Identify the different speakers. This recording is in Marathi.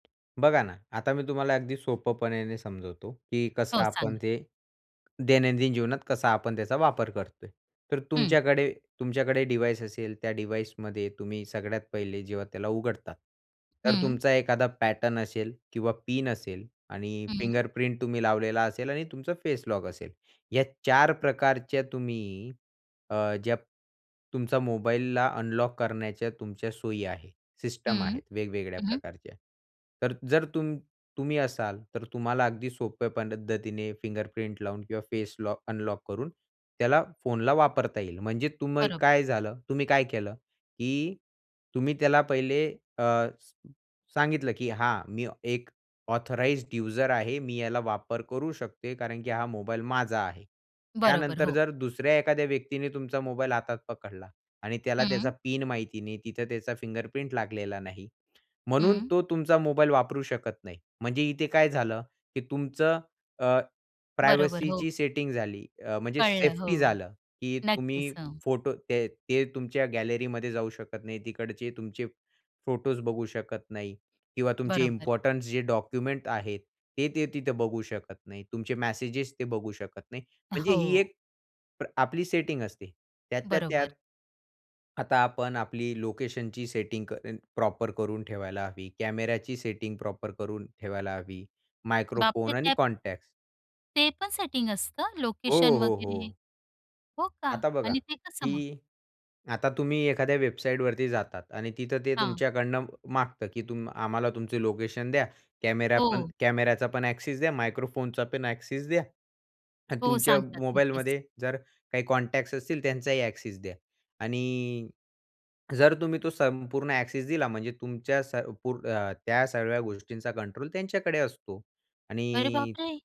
Speaker 1: बघा ना, आता मी तुम्हाला अगदी सोप्यापणाने समजवतो, की कसं
Speaker 2: हो,
Speaker 1: आपण
Speaker 2: सांगा.
Speaker 1: ते दैनंदिन जीवनात कसा आपण त्याचा वापर करतोय. तर
Speaker 2: हं.
Speaker 1: तुमच्याकडे तुमच्याकडे डिवाईस असेल, त्या डिवाइसमध्ये तुम्ही सगळ्यात पहिले जेव्हा त्याला उघडतात. तर
Speaker 2: हं.
Speaker 1: तुमचा एखादा पॅटर्न असेल किंवा पिन असेल आणि
Speaker 2: हं.
Speaker 1: फिंगरप्रिंट तुम्ही लावलेला असेल आणि तुमचा फेस लॉक असेल. या 4 प्रकारच्या तुम्ही अ, ज्या तुमचा मोबाईलला अनलॉक करण्याच्या तुमच्या सोयी आहे, सिस्टम
Speaker 2: हं.
Speaker 1: आहेत वेगवेगळ्या
Speaker 2: हं, हं.
Speaker 1: प्रकारच्या. तर जर तुम तुम्ही असाल, तर तुम्हाला अगदी सोप्या पद्धतीने फिंगरप्रिंट लावून किंवा फेस लॉ अनलॉक करून त्याला फोनला वापरता येईल. म्हणजे तुम्ही
Speaker 2: बरोबर.
Speaker 1: काय झालं? तुम्ही काय केलं, की तुम्ही त्याला पहिले अ, स सांगितलं, की हां, मी एक ऑथराइज्ड यूजर आहे, मी याला वापर करू शकते, कारण की हा मोबाईल माझा आहे.
Speaker 2: बरोबर,
Speaker 1: त्यानंतर
Speaker 2: हो.
Speaker 1: जर दुसऱ्या एखाद्या व्यक्तीने तुमचा मोबाईल हातात पकडला आणि त्याला त्याचा
Speaker 2: हं.
Speaker 1: पिन माहिती नाही, तिथं त्याचा फिंगरप्रिंट लागलेला नाही, म्हणून
Speaker 2: हं.
Speaker 1: तो तुमचा मोबाईल वापरू शकत नाही. म्हणजे इथे काय झालं, की तुमचं अ,
Speaker 2: बरोबर. हो.
Speaker 1: प्रायव्हसीची सेटिंग झाली अ, म्हणजे
Speaker 2: कळलं, हो.
Speaker 1: सेफ्टी झालं, की
Speaker 2: नक्कीच.
Speaker 1: तुम्ही
Speaker 2: हो.
Speaker 1: फोटो ते ते तुमच्या गॅलरीमध्ये जाऊ शकत नाही, तिकडचे तुमचे फोटोस बघू शकत नाही किंवा तुमचे
Speaker 2: बरोबर.
Speaker 1: इम्पोर्टन्स जे डॉक्युमेंट आहेत, ते ते तिथे बघू शकत नाही. तुमचे मेसेजेस ते बघू शकत नाही. म्हणजे ही
Speaker 2: हो.
Speaker 1: एक प्र आपली सेटिंग असते त्यातल्या
Speaker 2: बरोबर.
Speaker 1: त्यात आता आपण आपली लोकेशनची सेटिंग क अ प्रॉपर करून ठेवायला हवी. कॅमेराची सेटिंग प्रॉपर करून ठेवायला हवी.
Speaker 2: बाप रे!
Speaker 1: मायक्रोफोन आणि
Speaker 2: त्या
Speaker 1: कॉन्टॅक्ट्स.
Speaker 2: ते पण सेटिंग असतं? लोकेशन
Speaker 1: हो, हो,
Speaker 2: वगैरे?
Speaker 1: हो.
Speaker 2: हो का
Speaker 1: आता बघा,
Speaker 2: आणि ते कसं मग?
Speaker 1: की आता तुम्ही एखाद्या वेबसाईटवरती जातात आणि तिथं ते
Speaker 2: हां.
Speaker 1: तुमच्याकडून मागतं, की आम्हाला तुमचं लोकेशन द्या, कॅमेरा पण
Speaker 2: हो.
Speaker 1: कॅमेराचा पण ॲक्सेस द्या, मायक्रोफोनचा पण ॲक्सेस द्या आणि
Speaker 2: हो
Speaker 1: तुमच्या
Speaker 2: सांगतात. नक्कीच.
Speaker 1: मोबाईलमध्ये जर काही कॉन्टॅक्ट्स असतील त्यांचाही ॲक्सेस द्या आणि जर तुम्ही तो संपूर्ण ॲक्सेस दिला म्हणजे तुमच्या संपूर्ण अ, त्या सगळ्या गोष्टींचा कंट्रोल त्यांच्याकडे असतो
Speaker 2: अरे
Speaker 1: आणि
Speaker 2: बापरे!